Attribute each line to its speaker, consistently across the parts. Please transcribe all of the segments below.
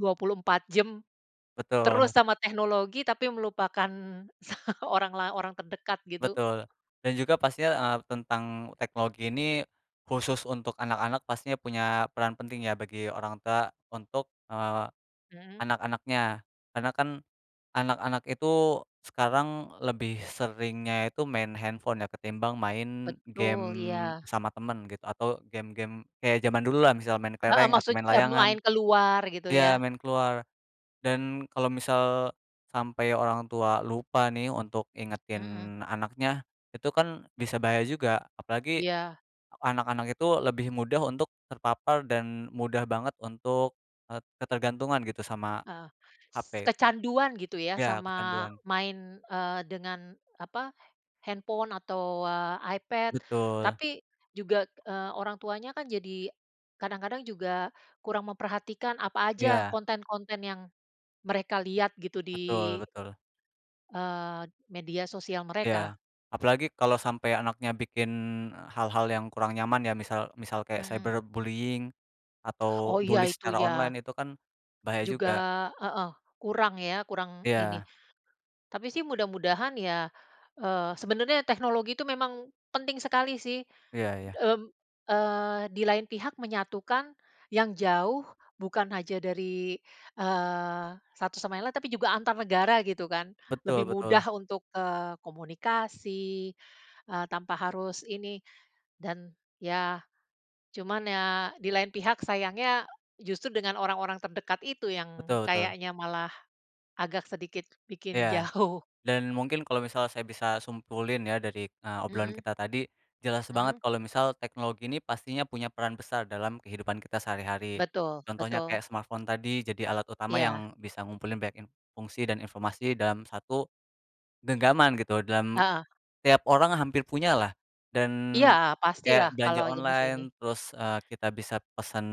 Speaker 1: 24 jam,
Speaker 2: Betul.
Speaker 1: terus sama teknologi, tapi melupakan sa orang la orang terdekat, gitu.
Speaker 2: Betul. Dan juga pastinya, eee, tentang teknologi ini, khusus untuk anak-anak, pastinya punya peran penting ya bagi orang tua untuk, eee,
Speaker 1: Mhm.
Speaker 2: anak-anaknya, karena kan anak-anak itu sekarang lebih seringnya itu main handphone ya, ketimbang main game
Speaker 1: Betul, iya.
Speaker 2: sama temen gitu, atau game-game kayak jaman dulu lah, misal main
Speaker 1: Heeh,
Speaker 2: kelereng atau
Speaker 1: maksud,
Speaker 2: main
Speaker 1: eee,
Speaker 2: layangan,
Speaker 1: main keluar gitu
Speaker 2: ya
Speaker 1: ya.
Speaker 2: main keluar. Dan kalau misal sampai orang tua lupa nih untuk
Speaker 1: Mhm.
Speaker 2: ingetin anaknya, itu kan bisa bahaya juga, apalagi
Speaker 1: Iya.
Speaker 2: anak-anak itu lebih mudah untuk terpapar dan mudah banget untuk, eee, ketergantungan gitu sama,
Speaker 1: Heeh. S
Speaker 2: HP.
Speaker 1: kecanduan gitu ya,
Speaker 2: Ya
Speaker 1: sama
Speaker 2: kecanduan.
Speaker 1: main, eee, dengan, apa, handphone atau, eee, iPad,
Speaker 2: Betul.
Speaker 1: tapi juga, eee, orang tuanya kan jadi kadang-kadang juga kurang memperhatikan apa aja
Speaker 2: Iya.
Speaker 1: konten-konten yang, mereka lihat gitu,
Speaker 2: Betul
Speaker 1: di,
Speaker 2: betul.
Speaker 1: eee, media sosial mereka.
Speaker 2: Ya. Apalagi kalau sampai anaknya bikin, eee, hal-hal yang kurang nyaman ya, misal misal kayak
Speaker 1: Mmm.
Speaker 2: cyberbullying atau
Speaker 1: Oh ya,
Speaker 2: bully
Speaker 1: itu
Speaker 2: secara online,
Speaker 1: ya
Speaker 2: itu kan bahaya
Speaker 1: juga
Speaker 2: juga.
Speaker 1: heeh, kurang ya, kurang ini.
Speaker 2: Iya.
Speaker 1: Tapi sih mudah-mudahan ya, eee, sebenernya teknologi itu memang penting sekali sih.
Speaker 2: Iya iya.
Speaker 1: Mmm, eee, di lain pihak menyatukan yang jauh, bukan aja dari, eee, satu sama yang lain, tapi juga antar negara gitu kan. Lebih
Speaker 2: Betul
Speaker 1: mudah
Speaker 2: betul.
Speaker 1: untuk, eee, komunikasi, eee, tanpa harus ini. Dan ya, cuman ya, di lain pihak sayangnya, justru dengan orang-orang terdekat itu yang
Speaker 2: Betul betul.
Speaker 1: kayaknya malah agak sedikit bikin
Speaker 2: Ya.
Speaker 1: jauh.
Speaker 2: Dan mungkin kalau misal saya bisa simpulin ya dari, eee, obrolan
Speaker 1: Mhm.
Speaker 2: kita tadi, jelas banget
Speaker 1: Mhm.
Speaker 2: kalau misal teknologi ini pastinya punya peran besar dalam kehidupan kita sehari-hari,
Speaker 1: Betul,
Speaker 2: contohnya
Speaker 1: betul.
Speaker 2: kayak smartphone tadi jadi alat utama
Speaker 1: Iya.
Speaker 2: yang bisa ngumpulin banyak in fungsi dan informasi dalam 1, genggaman gitu dalam,
Speaker 1: Heeh.
Speaker 2: tiap orang hampir punyalah, dan,
Speaker 1: Iya,
Speaker 2: kayak
Speaker 1: pastilah
Speaker 2: belanja
Speaker 1: kalau jaman
Speaker 2: online
Speaker 1: ini.
Speaker 2: terus, eee, kita bisa pesen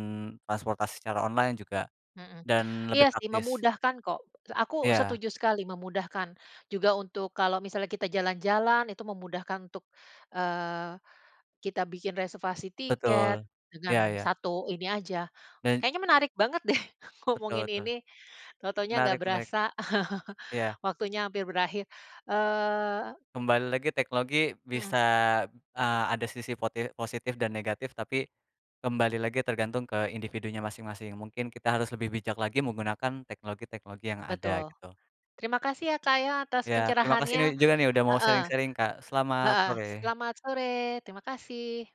Speaker 2: transportasi secara online juga
Speaker 1: Mhm.
Speaker 2: dan lebih
Speaker 1: Iya sih,
Speaker 2: praktis.
Speaker 1: memudahkan kok. Aku
Speaker 2: Iya.
Speaker 1: setuju sekali memudahkan. Juga untuk kalau misalnya kita jalan-jalan, itu memudahkan untuk, eee, kita bikin reservasi
Speaker 2: Betul.
Speaker 1: tiket
Speaker 2: Iya
Speaker 1: dengan
Speaker 2: iya.
Speaker 1: 1 ini aja.
Speaker 2: Dan
Speaker 1: Kayaknya menarik banget deh ngomongin
Speaker 2: Betul betul.
Speaker 1: ini, tau-taunya nggak
Speaker 2: Menarik menarik.
Speaker 1: berasa,
Speaker 2: Iya.
Speaker 1: waktunya hampir berakhir, eee
Speaker 2: Kembali lagi teknologi
Speaker 1: Mhm.
Speaker 2: bisa, eee, ada sisi poti positif dan negatif, tapi kembali lagi tergantung ke individunya masing-masing. Mungkin kita harus lebih bijak lagi menggunakan teknologi-teknologi yang ada,
Speaker 1: Betul.
Speaker 2: gitu.
Speaker 1: Terima kasih ya, Kak, ya, atas
Speaker 2: Ya terima kasih
Speaker 1: pencerahannya.
Speaker 2: nih juga nih, udah mau
Speaker 1: Heeh.
Speaker 2: sharing-sharing Kak, selamat
Speaker 1: Heeh,
Speaker 2: sore.
Speaker 1: selamat sore. Terima kasih.